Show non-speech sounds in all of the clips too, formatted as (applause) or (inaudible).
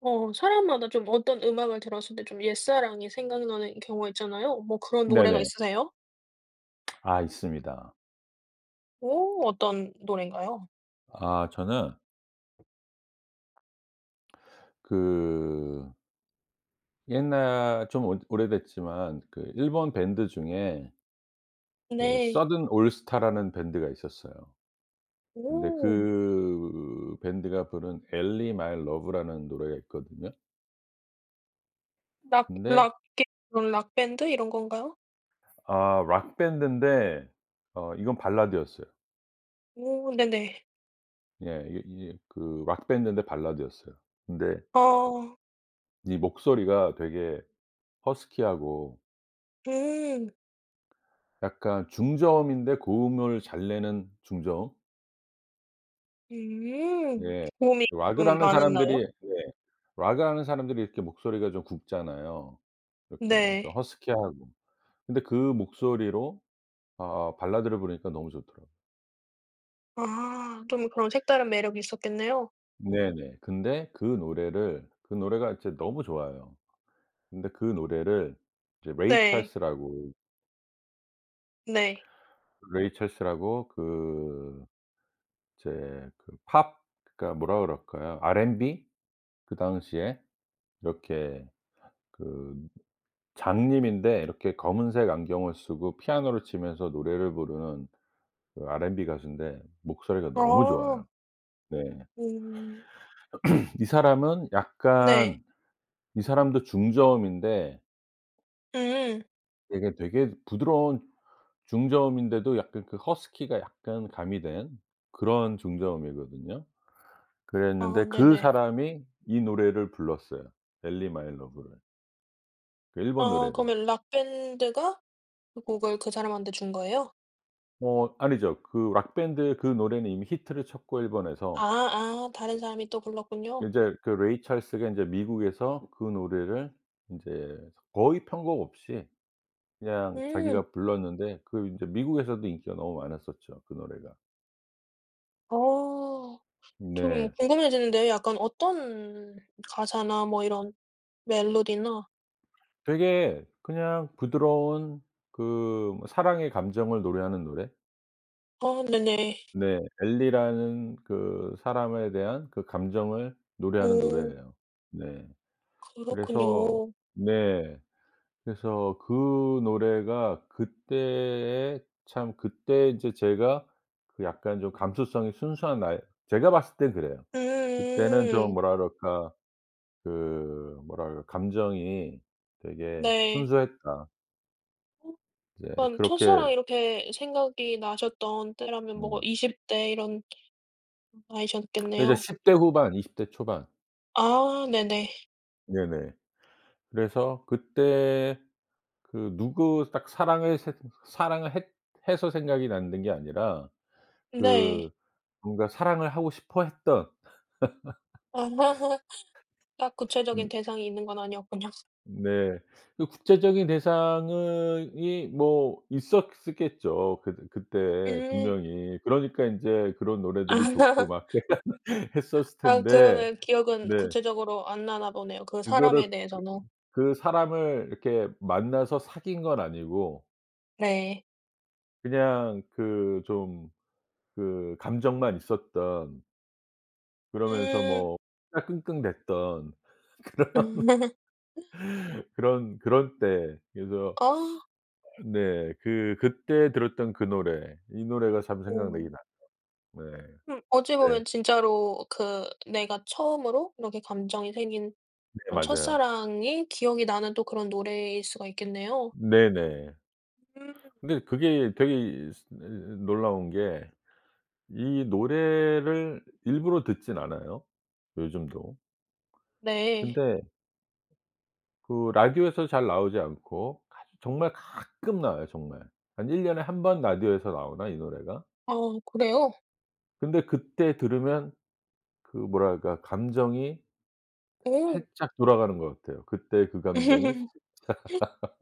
어 사람마다 좀 어떤 음악을 들었을 때 좀 옛사랑이 생각나는 경우가 있잖아요. 뭐 그런 노래가 네네. 있으세요? (smacks lips) 아 있습니다. 오 어떤 노래인가요? 아 저는 그 옛날 좀 오 오래됐지만 그 일본 밴드 중에 그 네. 서든 올스타라는 밴드가 있었어요. 근데 오. 그 밴드가 부른 엘리 마이 러브라는 노래가 있거든요. 락 근데 락 그게 그런 락밴드 이런 건가요? 아 락밴드인데 어 이건 발라드였어요. 어 네네. 예 이게 이게 그 락밴드인데 발라드였어요. 근데 어. 이 목소리가 되게 허스키하고 음. 약간 중저음인데 고음을 잘 내는 중저음? 음 네. 고음이 락을 좀 하는 사람들이 많았나요? 네. 락을 하는 사람들이 이렇게 목소리가 좀 굵잖아요. 이렇게 좀 네. 허스키하고. 근데 그 목소리로 아아 발라드를 부르니까 너무 좋더라고. 아 좀 그런 색다른 매력이 있었겠네요. 네네. 근데 그 노래를 그 노래가 이제 너무 좋아요. 근데 그 노래를 이제 레이 네. 찰스라고 네. 레이 찰스라고 그 이제 그 팝 그니까 뭐라 그럴까요? R&B. 그 당시에 이렇게 그 장님인데 이렇게 검은색 안경을 쓰고 피아노를 치면서 노래를 부르는 그 R&B 가수인데 목소리가 너무 아. 좋아요. 네. 음. (clears throat) 이 사람은 네. 약간 이 사람도 중저음인데 음. 이게 되게 부드러운 중저음인데도 약간 그 허스키가 약간 가미된 그런 중저음이거든요. 아 그랬는데 그 네네. 사람이 이 노래를 불렀어요 엘리 마이 러브를. 그 일본 아 노래를. 그러면 록밴드가 그 곡을 그 사람한테 준 거예요? 뭐 아니죠. 그 록 밴드의 그 노래는 이미 히트를 쳤고 아 일본에서 아 다른 사람이 또 불렀군요. 이제 그 레이 찰스가 이제 미국에서 그 노래를 인제 거의 편곡 없이 그냥 음. 자기가 불렀는데 그 인제 미국에서도 인기가 너무 많았었죠, 그 노래가. 어. 좀 네. 궁금해지는데 약간 어떤 가사나 뭐 이런 멜로디나 되게 그냥 부드러운 그 사랑의 감정을 노래하는 노래? 아 네네. 네. 엘리라는 그 사람에 대한 그 감정을 노래하는 어. 노래예요. 네. 그래서 그렇군요. 네. 그래서 그 노래가 그때에 참 그때 인제 제가 그 약간 좀 감수성이 순수한 나이 제가 봤을 땐 그래요. 그때는 좀 음. 뭐라 그럴까 그 뭐라 그럴 감정이 되게 네. 순수했다. 이제 그럼 그렇게 첫사랑 이렇게 생각이 나셨던 때라면 뭐 음. 20 대 이런 그게 이제 나이셨겠네요. 10 대 후반 20 대 초반. 아 네네. 네네. 그래서 그때 그 누구 딱 사랑을 새 사랑을 했 해서 생각이 났는 게 아니라 그 네. 뭔가 사랑을 하고 싶어 했던. (laughs) 딱 (laughs) 음. 구체적인 대상이 있는 건 아니었군요. 네. 그 구체적인 대상은 이 뭐 있었었겠죠. 그 그때 음. 분명히. 그러니까 인제 그런 아. 노래들이 좋고 (laughs) 막 (laughs) 했었을 아. 텐데 그러면 기억은 네. 구체적으로 안 나나 보네요 그 그거를 사람에 그 대해서는. 그 사람을 이렇게 만나서 사귄 건 아니고 네. 그냥 그 좀 그 감정만 있었던 그러면서 음. 뭐 혼자 끙끙됐던 그런 (laughs) (laughs) 그런 그럴 때. 그래서 어. 아 네, 그 그때 들었던 그 노래 이 노래가 참 생각나긴 오. 나죠. 네. 음 어찌 네. 보면 진짜로 그 내가 처음으로 이렇게 감정이 생긴 네 그런 맞아요. 첫사랑이 기억이 나는 또 그런 노래일 수가 있겠네요. 네네. 음. 근데 그게 되게 이 스 이 놀라운 게 이 노래를 일부러 듣진 않아요, 요즘도. 네. 근데 그 라디오에서 잘 나오지 않고 가 정말 가끔 나와요, 정말. 한 1 년에 1 번 라디오에서 나오나, 이 노래가? 아 그래요? 근데 그때 들으면 그 뭐랄까. 감정이 오. 살짝 돌아가는 것 같아요. 그때 그 감정이 (laughs) 살짝. (laughs)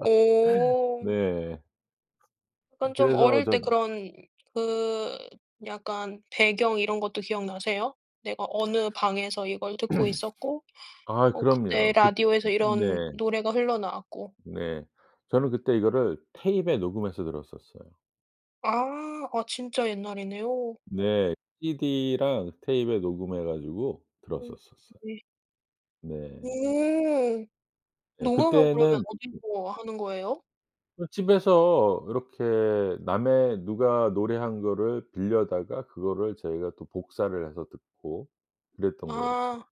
오. 네. 그럼 좀 그래서 어릴 때 전 그런 그 약간 배경 이런 것도 기억 나세요? 내가 어느 방에서 이걸 듣고 있었고 (clears throat) 아 어 그때 그럼요. 그 라디오에서 음 네. 이런 노래가 흘러나왔고. 네. 저는 그때 이거를 테잎에 녹음해서 들었었어요. 아. 아 진짜 옛날이네요. 네. CD랑 tape에 녹음해 가지고 어 들었었었어. 네. 네. 음. 네 녹음은 그러면 그때는 그 어디서 하는 거예요? 그 집에서 이렇게 남의 누가 노래한 거를 빌려다가 그거를 저희가 또 복사를 해서 듣고 그랬던 거였죠. 아.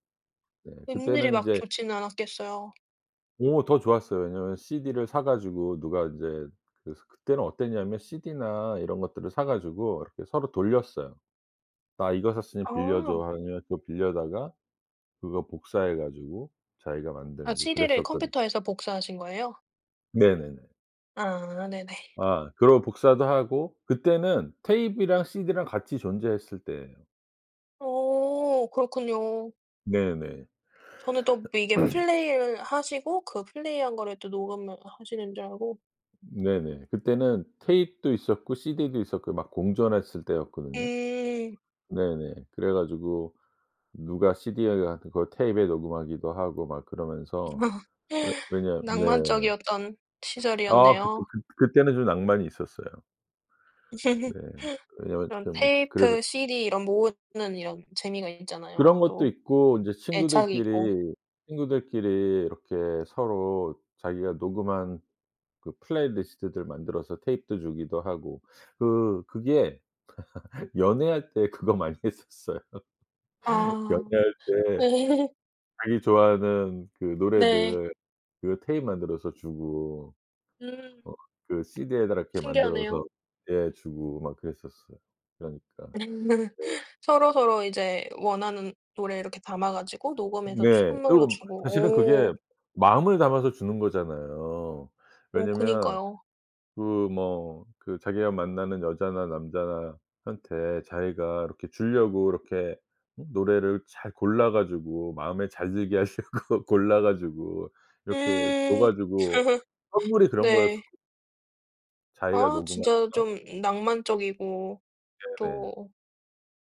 네. 음질이 그때는 막 인제 좋지는 않았겠어요. 오 더 좋았어요. 왜냐하면 CD를 사 가지고 누가 인제 그 그때는 어땠냐면 CD나 이런 것들을 사 가지고 이렇게 서로 돌렸어요. "나 이거 샀으니 빌려줘." 아. 하면 그거 빌려다가 그거 복사해 가지고 자기가 아 만들고 CD를 그랬었거든. 컴퓨터에서 복사하신 거예요? 네네네. 아 네네. 아 그러고 복사도 하고 그때는 tape이랑 CD랑 같이 존재했을 때에요. 어 그렇군요. 네네. 저는 똡 이게 (coughs) 플레이를 하시고 그 플레이한 거를 또 녹음을 아 하시는 줄 알고 네네. 그때는 tape도 있었고 CD도 있었고 막 공존했을 때였거든요. 음. 네네. 그래가지고 누가 CD (unintelligible) 그걸 tape에 녹음하기도 하고 막 그러면서 (laughs) 왜 왜냐 네. 낭만적이었던 아 그때 시절이었네요. 그 그때는 좀 낭만이 있었어요. (laughs) 네. 왜냐하면 그런 좀 그래서 테이프, CD 이런 모으는 이런 재미가 있잖아요 그런 것도 또. 있고 인제 애착이 있고. 친구들끼리, 친구들끼리 이렇게 서로 자기가 녹음한 그 플레이 리스트들 만들어서 tape도 주기도 하고 그 그게 (laughs) 연애할 때 그거 많이 했었어요. (laughs) 아. 연애할 때 (laughs) 자기 좋아하는 그 네. 노래들 그 tape 만들어서 주고. 음. 어 그 CD에다가 이렇게 신기하네요. 만들어서 네. 주고 막 그랬었어요. 그러니까. (laughs) 네. 서로서로 이제 원하는 노래 이렇게 담아가지고 녹음해서 주 네. 선물로 그리고 사실은 주고. 그게 오. 마음을 담아서 주는 거잖아요. 어 왜냐하면 그니까요. 그 뭐 그 자기가 만나는 여자나 남자나 한테 자기가 이렇게 주려고 응? 이렇게 노래를 잘 골라 가지고 마음에 잘 들게 하려고 골라 가지고 이렇게 음. 줘가지고 (laughs) 선물이 그런 네. 거였었거 자기가 아 녹음하거나 진짜 좀 음 낭만적이고 네네. 또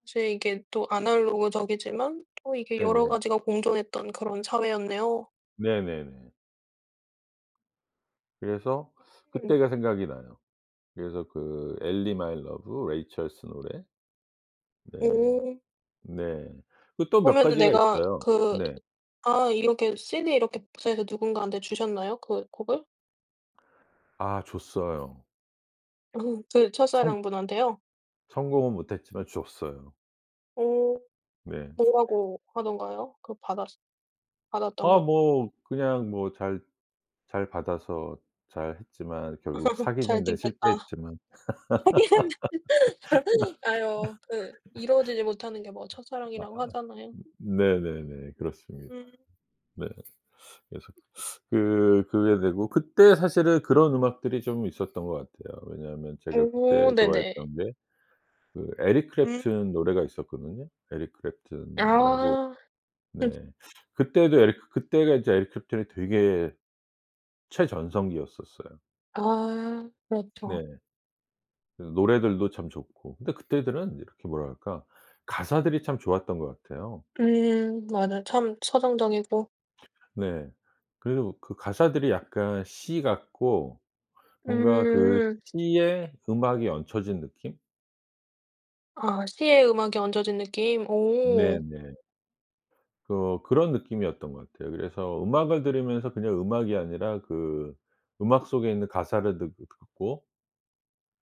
이제 이게 또 제 이게 아날로그적이지만 또 이게 여러 네네. 가지가 공존했던 그런 사회였네요. 네네네. 그래서 음. 그때가 생각이 나요. 그래서 그 Ellie, My Love, Ray Charles 노래. 네. 음. 네. 그 또 몇 그러면은 가지가 내가 있어요. 그 네. 아 이렇게 CD 이렇게 복사해서 누군가한테 주셨나요? 그 곡을? 아 줬어요. (laughs) 그 성 첫사랑분한테요? 성공은 못 했지만 주었어요. 어 네. (scoffs) 뭐라고 하던가요? 그 받았스 받았던 아 분. 뭐 그냥 뭐 잘 잘 받아서 잘 했지만 결국 (laughs) "잘 사귀는 데 듣겠다." 실패했지만. 하긴. 아요. 그 이루어지지 못하는 게 뭐 (laughs) 첫사랑이라고 아 하잖아요. 네네네. 그렇습니다. 음. 네. 그래서 (sucks teeth) 그 그 그게 되고 그때 사실은 그런 음악들이 좀 있었던 것 같아요. 왜냐하면 제가 그때 오. 네네. 좋아했던 게 그 Eric 음. Clapton 노래가 있었거든요. Eric Clapton 이라고. 아. (laughs) 네. (sucks teeth) 그때도 에리 그때가 이제 Eric Clapton이 되게 최전성기였었어요. 아. 네. 그렇죠. 그 노래들도 참 좋고 근데 그때들은 이렇게 뭐라 할까. 가사들이 참 좋았던 것 같아요. 음. 맞아. 참 서정적이고. 네. 그리고 그 가사들이 약간 시 같고 뭔가 그 음. 시에 음악이 얹혀진 느낌? 아 시에 음악이 얹어진 느낌 오. 네네. 그 그런 느낌이었던 것 같아요. 그래서 음악을 들으면서 그냥 음악이 아니라 그 음악 속에 있는 가사를 듣 듣고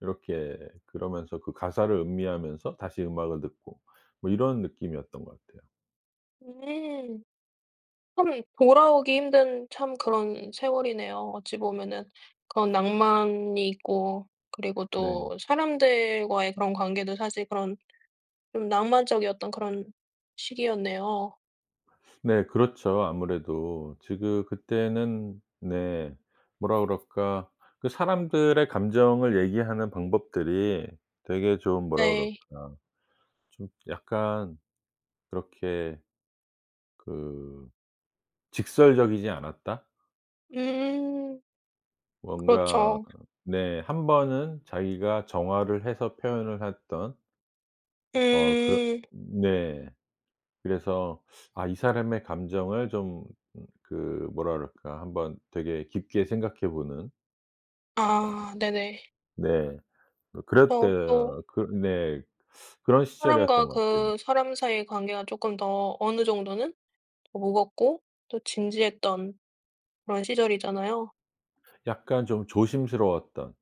이렇게 그러면서 그 가사를 음미하면서 다시 음악을 듣고 뭐 이런 느낌이었던 것 같아요. 네. 참 돌아오기 힘든 참 그런 세월이네요 어찌 보면은. 그런 낭만이 있고 그리고 네. 또 사람들과의 그런 관계도 사실 그런 좀 낭만적이었던 그런 시기였네요. 네. 그렇죠. 아무래도 지금 그때는 네 뭐라 그럴까. 그 사람들의 감정을 얘기하는 방법들이 되게 좀 뭐라 네. 그럴까 좀 약간 그렇게 그 직설적이지 않았다? 음. 뭔가 그렇죠. 네. 1 번은 자기가 정화를 해서 표현을 했던 어 그렇 음. 네. 그래서 아 이 사람의 감정을 좀 그 뭐라 그럴까. 한번 되게 깊게 생각해 보는. 어. 아 네네. 네. 그 저 또 그랬데어 그 네. (sucks teeth) 그런 사람과 시절이었던 것 같아요. 그 사람 사이의 관계가 쪼끔 더 어느 정도는 무겁고 또 진지했던 그런 시절이잖아요. 약간 좀 조심스러웠던.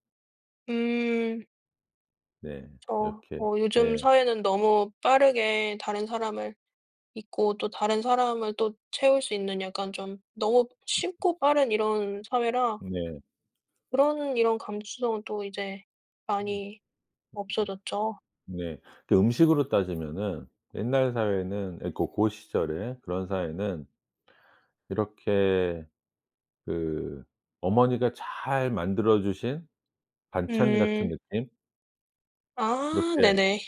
음. 네. 그쵸. 이렇게 어 요즘 네. 사회는 너무 빠르게 다른 사람을 잊고 또 다른 사람을 또 채울 수 있는 약간 좀 너무 쉽고 빠른 이런 사회라 네. 그런 이런 감수성은 또 이제 음. 많이 없어졌죠. 음음음 어. 네. 그 음식으로 따지면은 옛날 사회는 예, 고 고시절에 그런 사회는 이렇게 그 어머니가 잘 만들어 주신 반찬 같은 음. 느낌? 아 이렇게 네네.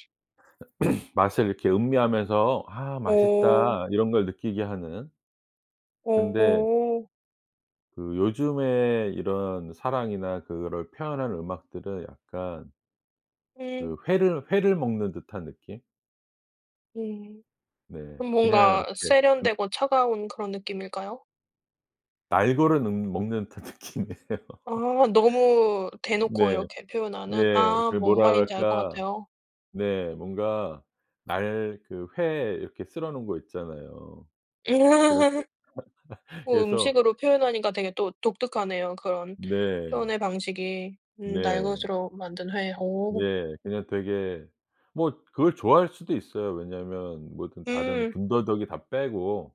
(coughs) 맛을 이렇게 음미하면서 '아 어. 맛있다.' 이런 걸 느끼게 하는 근데 어. 그 요즘에 이런 사랑이나 그거를 표현하는 음악들은 약간 음. 그 회를 회를 먹는 듯한 느낌? 네. 네. 그럼 그냥 뭔가 이렇게 나 세련되고 차가운 그런 느낌일까요? 날거를 능 먹는 듯한 느낌이에요. 아. (laughs) 너무 대놓고 네. 이렇게 표현하는 네. 아 그 뭔 뭐라 말인지 알 것 그럴까. 같아요. 네. 뭔가 날 그 회 이렇게 썰어 놓은 거 있잖아요. (laughs) 그렇게. 음 (laughs) 뭐 그래서 음식으로 표현하니까 되게 또 독특하네요 그런 네. 표현의 방식이. 음 날 네. 것으로 만든 회. 오. 예 그냥 되게 뭐 그걸 좋아할 수도 있어요. 왜냐하면 뭐든 다른 음. 군더더기 다 빼고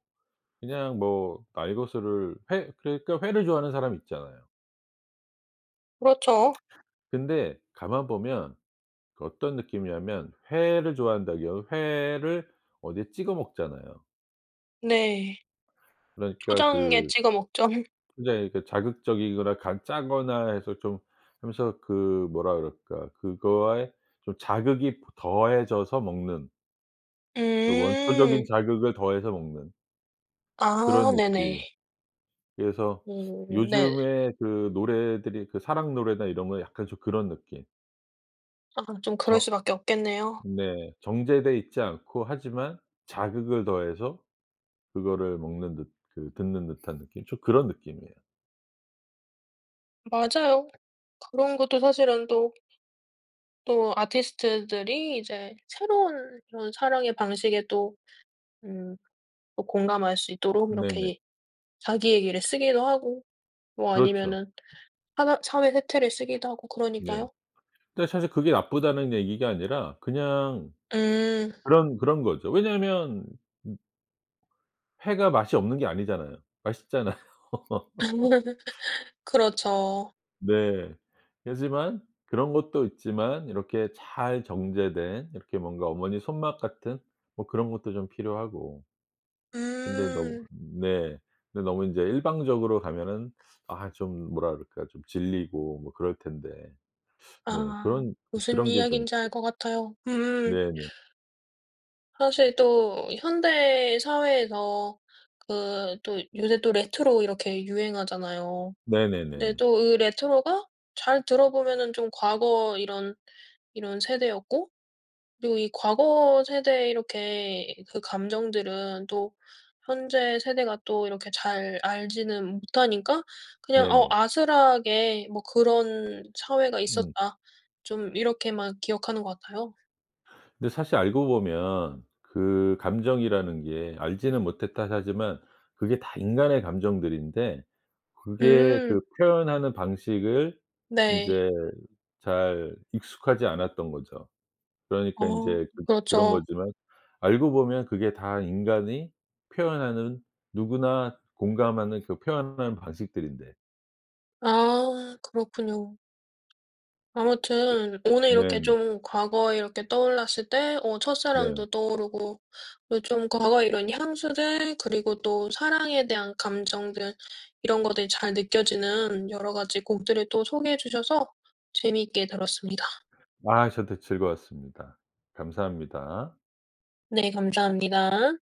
그냥 뭐 날거스를 회 그러니까 회를 좋아하는 사람 있잖아요. 그렇죠. (smacks lips) 근데 가만 보면 그 어떤 느낌이냐면 회를 좋아한다고요. 회를 어디에 찍어 먹잖아요. 네. 그러니까 초장에 그 찍어 먹죠. (laughs) 굉장히 그 자극적이거나 간 짜거나 해서 좀 하면서 그 뭐라 그럴까 그거에 좀 자극이 더해져서 먹는 그 원초적인 음. 자극을 더해서 먹는 아 그런 네네. 느낌. 그래서 그르 네. 요즘에 그 노래들이 그 사랑 노래나 이런 거에 약간 좀 그런 느낌. 아 좀 그럴 저 수밖에 없겠네요. 네 정제돼 있지 않고 하지만 자극을 더해서 그거를 먹는 듯 그 듣는 듯한 느낌 좀 그런 느낌이에요. 맞아요. 그런 것도 사실은 또 또 아티스트들이 이제 새로운 그런 사랑의 방식에 또 음 또 공감할 수 있도록 이렇게 네네. 예 자기 얘기를 쓰기도 하고 뭐 그렇죠. 아니면은 하나 사회 세태를 쓰기도 하고 네. 그러니까요. 근데 사실 그게 나쁘다는 얘기가 아니라 그냥 음. 그런 그런 거죠. 왜냐하면 음 회가 맛이 없는 게 아니잖아요. 맛있잖아요. (laughs) (laughs) 그렇죠. 네. 그렇지만 그런 것도 있지만 이렇게 잘 정제된 이렇게 뭔가 어머니 손맛 같은 뭐 그런 것도 좀 필요하고 근데 너무 음. 네 근데 너무 이제 일방적으로 가면은 아 좀 뭐라 그럴까 좀 질리고 뭐 그럴 텐데. 네 아 그런, 무슨 그런 게 좀 이야긴지 알 있죠. 것 같아요. 음. 네네. 사실 또 현대 사회에서 그 또 요새 또 레트로 이렇게 유행하잖아요. 네 네네네. 또 그 레트로가 잘 들어 보면은 좀 과거 이런 이런 세대였고 그리고 이 과거 세대 이렇게 그 감정들은 또 현재 세대가 또 이렇게 잘 알지는 못하니까 그냥 어 네네. 아슬하게 뭐 '그런 사회가 음. 있었다.' 좀 이렇게만 기억하는 것 같아요. 근데 사실 알고 보면 그 감정이라는 게 "알지는 못했다." 하지만 그게 다 인간의 감정들인데 그게 음. 그 표현하는 방식을 네. 인제 잘 익숙하지 않았던 거죠. 그러니까 어 인제 그 그런 그렇죠. 거지만 알고 보면 그게 다 인간이 표현하는 누구나 공감하는 그 표현하는 방식들인데. 아 그렇군요. 아무튼 오늘 이렇게 네네. 좀 과거에 이렇게 떠올랐을 때 어 네. 첫사랑도 떠오르고 또 좀 과거에 이런 향수들 그리고 또 사랑에 대한 감정들 이런 것들이 잘 느껴지는 여러 가지 곡들을 또 소개해 주셔서 재미있게 들었습니다. 와 저도 즐거웠습니다. 감사합니다. 네 감사합니다.